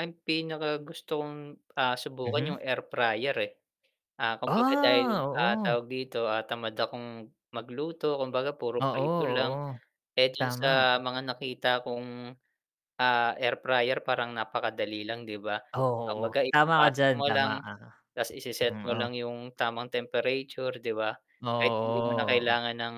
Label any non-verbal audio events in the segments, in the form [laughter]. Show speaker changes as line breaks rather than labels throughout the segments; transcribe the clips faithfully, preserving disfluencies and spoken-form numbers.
Ang pinakagusto kong, ah, subukan
Mhm.
'yung air fryer, eh. Ah, kumbaga dahil,
Ah,
ah,
oo.
tawag dito, ah, tamad akong magluto, kumbaga puro
Oo,
prito lang,
oo.
eh, dun
Tama.
sa mga nakita kong, ah, air fryer parang napakadali lang 'di ba?
Oh, oo.
Kumbaga
Tama ka
ipapasok
diyan,
mo
tama
lang,
ka.
ta's ise-set
Hmm,
mo
oh.
lang 'yung tamang temperature, 'di ba?
Oo,
Kahit hindi mo na
oo, oo, oh.
kailangan ng,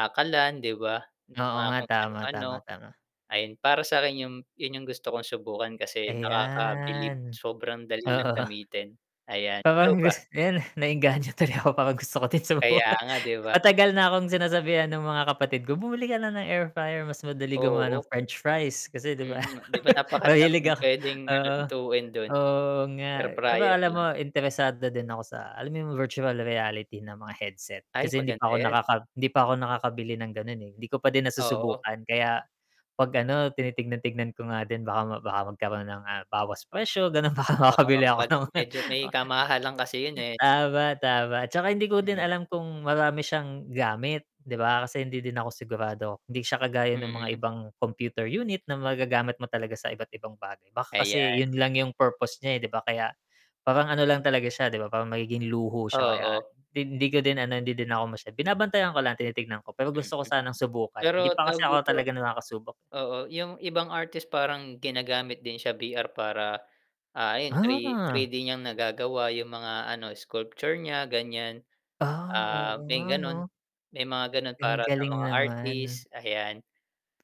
ah, kalan, 'di ba?
Oo
Mga
nga,
kung
tama,
ano-ano,
tama, tama.
ayun para sa'kin 'yung, 'yun 'yung gusto kong subukan kasi nakakabilib,
Ayan.
sobrang dali lang
Oo.
gamitin. Ayan, ikaw
Parang
ba?
gusto ko 'yan, eh. Na-engganyo tuloy ako, parang gusto ko ding
Kaya
subukan.
nga,
[laughs]
'di ba?
Matagal na akong sinasabihan ng mga kapatid ko bumili ka na ng air fryer mas madali
Oh,
gumawa ng
oo.
french fries kasi, 'di ba?
Mm, 'di ba
[laughs] Mahilig
napakadaming
ako
puwedeng
oo,
lutuin dun,
oo
air
nga, pero
fryer
alam mo
lang.
interesado din ako sa alam mo 'yung virtual reality na mga headset
Ay,
kasi hindi
maganda
pa ako
'yan.
nakaka hindi pa ako nakakabili ng gano'n, eh. Hindi ko pa din
Oo.
nasusubukan kaya, 'pag ano tinitingnan-tingnan ko nga din baka baka magkaroon ng, ah, bawas presyo ganun, baka
Oo,
makabili ako
bad
ng [unintelligible]
medyo may kamahalan kasi 'yun,
[chuckles]
eh.
Tama, tama, 'tsaka hindi ko din
[unintelligible]
alam kung marami siyang gamit, 'di ba, kasi hindi din ako sigurado, 'di siya kagaya ng mga
Mm.
ibang computer unit na magagamit mo talaga sa iba't-ibang bagay, baka kasi 'yun
Ayan.
lang 'yung purpose niya, eh, 'di ba kaya parang ano lang talaga siya 'di ba parang magiging luho siya kaya,
Oo.
hindi ko din ano hindi din ako masyad binabantayan ko lang, tinitingnan ko pero
Mm.
gusto ko sanang subukan,
Pero
hindi pa
tawag
kasi ako
dito
talaga nakakasubok.
Oo 'yung ibang artist parang ginagamit din siya, V-R para, ah, ayon three
Ah.
three-d niyang nagagawa 'yung mga ano sculpture niya ganiyan,
Ah,
ah,
oo
may
nga,
ganun,
'no?
may mga gano'n
Ang
para sa
galing
mga
naman.
artist, ayan.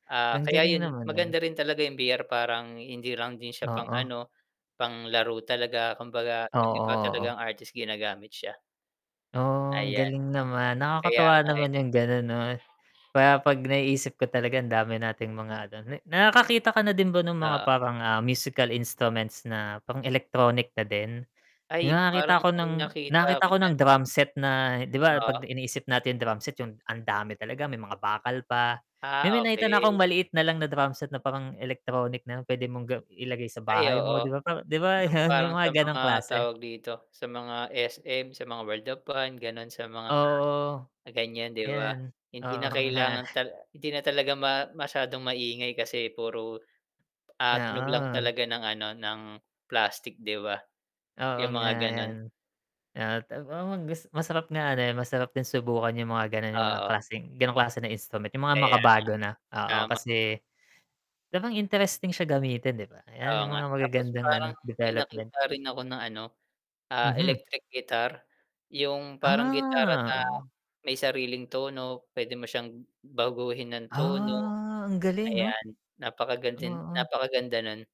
Ah,
Ang
kaya
galing
'yun
naman nun.
maganda rin talaga 'yung V-R parang hindi lang din siya
Oo.
pang-ano, pang-laro talaga, kumbaga 'yung
Oo,
iba
oo.
talagang artist ginagamit siya.
Oh, ang
Ayan.
galing naman.
Kaya
Nakakatuwa
nga, eh.
naman 'yung gano'n, 'no? Para 'pag naiisip ko talaga ang dami nating mga ano na nakakakita ka na din ba ng mga
Oo.
parang, ah, musical instruments na pang electronic na din? 'Yung
Ay, parang
nakakita ako
may
ng
nakita
nakakita
ako
ko ng
niyan.
drum set na 'di ba
Oo.
'pag iniisip natin drum set 'yung ang dami talaga, may mga bakal pa,
Ah,
may nakita na akong
okey.
maliit na lang na drum set na parang electronic na puwede mong ga ilagay sa
Ay,
bahay mo,
oo.
'di ba, p 'di ba
'Yung
'yun 'yung
parang
mga
sa
gano'ng
mga,
klase.
tawag dito, sa mga S-M, sa mga World of fran ganun, sa mga
Oo.
ganiyan, 'di ba?
'Yan,
Hindi na
oo nga.
kailangan ta hindi na talaga ma masyadong maingay kasi puro, ah, tunog lang
Oo.
talaga ng ano ng plastik, 'di ba?
Oo
'Yung
nga,
mga
ayan.
gano'n.
Ah, ta ma gus masarap nga ano, eh, masarap din subukan 'yung mga gano'n, 'yung mga
Oo.
klaseng, gano'ng klase na instrument 'yung mga
Kaya nga.
makabago na, oo
Tama.
kasi, parang interesting siya gamitin 'di ba? 'Yan
Oo
'yung
nga,
mga
tapos
magagandang ano,
parang may
development.
nakita rin ako na ano, ah,
Mhm.
electric guitar, 'yung parang gitara na,
Ah, oo.
may sariling tono, puwede mo siyang baguhin ng tono.
Ah, ang galing 'no?
Ayan napakaganding
Oo.
napakaganda nun.